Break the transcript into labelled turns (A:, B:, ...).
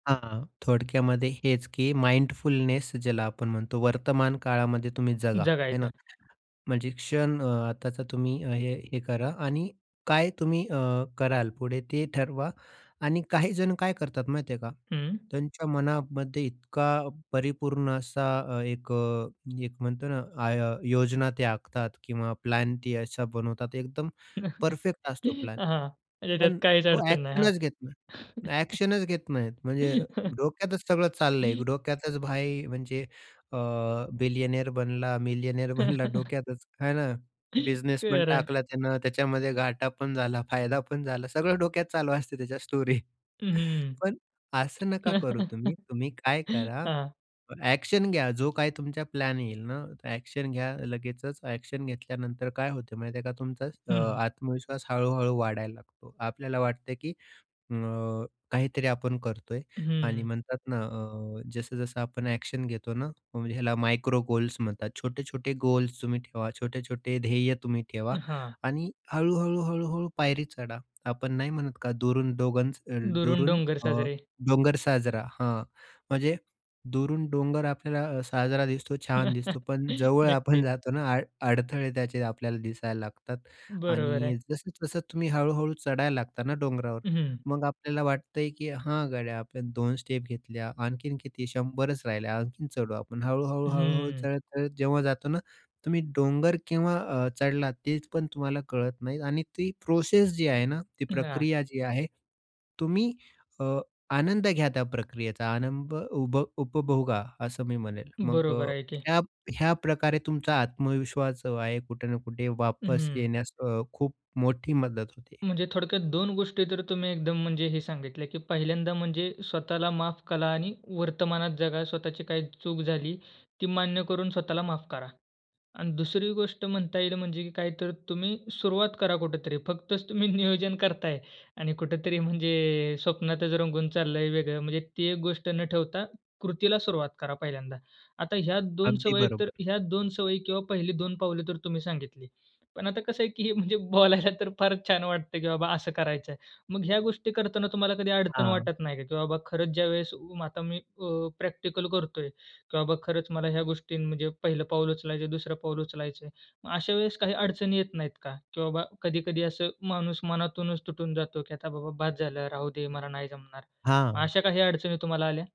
A: हां, थोडक्यामध्ये हेच की माइंडफुलनेस ज्याला आपण म्हणतो वर्तमान काळामध्ये तुम्ही जगा, आहे ना.
B: जगायच्या.
A: म्हणजे क्षण अ, आताचा तुम्ही हे हे करा आणि काय तुम्ही अ, कराल पुढे ते ठरवा आणि काही जण काय करतात माहिती आहे का?
B: हं.
A: त्यांच्या मनामध्ये इतका परिपूर्ण असा एक अ, एक म्हणतोना आय योजना ते आखतात किंवा प्लॅन ते असा बनवतात एकदम परफेक्ट असतो प्लॅन.
B: हां, म्हणजे त्यात
A: पण
B: काहीच
A: तो
B: अडचण नाही हां.
A: एक्शनच घेत नाही ना एक्शनच घेत नाहीत म्हणजे डोक्यातच सगळं चाललंय डोक्यातच भाई म्हणजे अ, बिलियनेअर बनला, मिलियनेयर बनला डोक्यातच, आहे ना? बिझनेसपण
B: खरं आहे.
A: टाकला त्यानं, त्याच्यामध्ये घाठा पण झाला फायदा पण झाला सगळं डोक्यात चालू असते त्याच्या स्टोरी.
B: हं, हं.
A: पण असं नका करू तुम्ही. तुम्ही काय करा
B: हां.
A: अ, एक्शन घ्या. जो काही तुमचा प्लॅन येईल ना, एक्शन घ्या लगेचच. एक्शन घेतल्यानंतर काय होत माहिती आहे का? तुमचा अ,
B: हं, हं.
A: आत्मविश्वास हळू-हळू वाढायला लागतो. आपल्याला वाटत की अ, काहीतरी आपण करतो आहे आणि
B: हं.
A: म्हणतात ना अ, जसं-जसं आपण एक्शन घेतो ना, ह्याला मायक्रो गोल्स म्हणतात. छोटे-छोटे गोल्स तुम्ही ठेवा. छोटे-छोटे ध्येय तुम्ही ठेवा
B: हां.
A: आणि हळू-हळू-हळू-हळू पायरी चढा. आपण नाही म्हणत का, दुरून डोंगर अ,
B: दुरून
A: दुरून
B: डोंगर
A: अ,
B: साजरे.
A: डोंगर, साजरा हां, म्हणजे दुरून डोंगर आपल्याला अ, साजरा दिसतो छान दिसतो. पण जवळ आपण
B: नक्कीच.
A: जातो ना अड अडथळे त्याचे आपल्याला दिसायला लागतात
B: बरोबर आहे.
A: आणि जसं-जसं तुम्ही हळू-हळू चढायला लागता ना डोंगरावर
B: हं, हं.
A: मग आपल्याला वाटतंय की, हा गाड्या आपण 2 स्टेप घेतल्या आणखीन किती 100च राहिल्या, आणखीन चढू आपण हळू-हळू-हळू-हळू
B: हं.
A: चढत-चढत जेव्हा जातो ना, तुम्ही डोंगर केव्हा अ, चढला तेच पण तुम्हाला कळत नाही आणि ती प्रोसेस जी आहे ना, ती
B: हां.
A: प्रक्रिया जी आहे. तुम्ही अ, आनंद घ्या त्या प्रक्रियेचा, आनंद उभ उपभोगा, असं मी म्हणेल. मग अ,
B: बरोबर आहे की.
A: ह्या ह्या प्रकारे तुमचा आत्मविश्वास जो आहे कुठे ना कुठे
B: हं,
A: वापस
B: हं.
A: येण्यास अ, खूप मोठी मदत होते.
B: म्हणजे थोडक्यात 2 गोष्टी तर तुम्ही एकदम म्हणजे हे सांगितले, की पहिल्यांदा म्हणजे स्वतःला माफ करा आणि वर्तमानात जगा. स्वतःची काही चूक झाली ती मान्य करून स्वतःला माफ करा आणि दुसरी गोष्ट म्हणता येईल म्हणजे काय तर तुम्ही सुरुवात करा कुठेतरी. फक्तच तुम्ही नियोजन करत आहे आणि कुठेतरी म्हणजे स्वप्नातच रंगून चालला आहे वेगळं. म्हणजे ती एक गोष्ट न ठेवता कृतीला सुरुवात करा पहिल्यांदा. आता ह्या 2
A: अगदी
B: सवयी तर
A: बरोबर.
B: ह्या 2 सवयी किंवा पहिली 2 पावले तर तुम्ही सांगितली. पण आता कसं आहे की हे म्हणजे बोलायला तर फारच छान वाटत की बाबा असं करायचं आहे. मग ह्या गोष्टी करताना तुम्हाला कधी अडचण
A: हां.
B: वाटत नाही का? की बाबा, खरंच ज्यावेळेस उ, आता मी अ, प्रॅक्टिकल करतो आहे, की बाबा खरंच मला ह्या गोष्टी म्हणजे पहिलं पाऊल उचलायचं, दुसरं पाऊल उचलायचं आहे. मग अशा वेळेस काही अडचणी येत नाहीत का? की बाबा कधी-कधी असं माणूस मनातूनच तुटून जातो, की आता बाबा बस झालं, राहू दे, मला नाही जमणार. मग अशा
A: हां.
B: काही अडचणी तुम्हाला आल्या?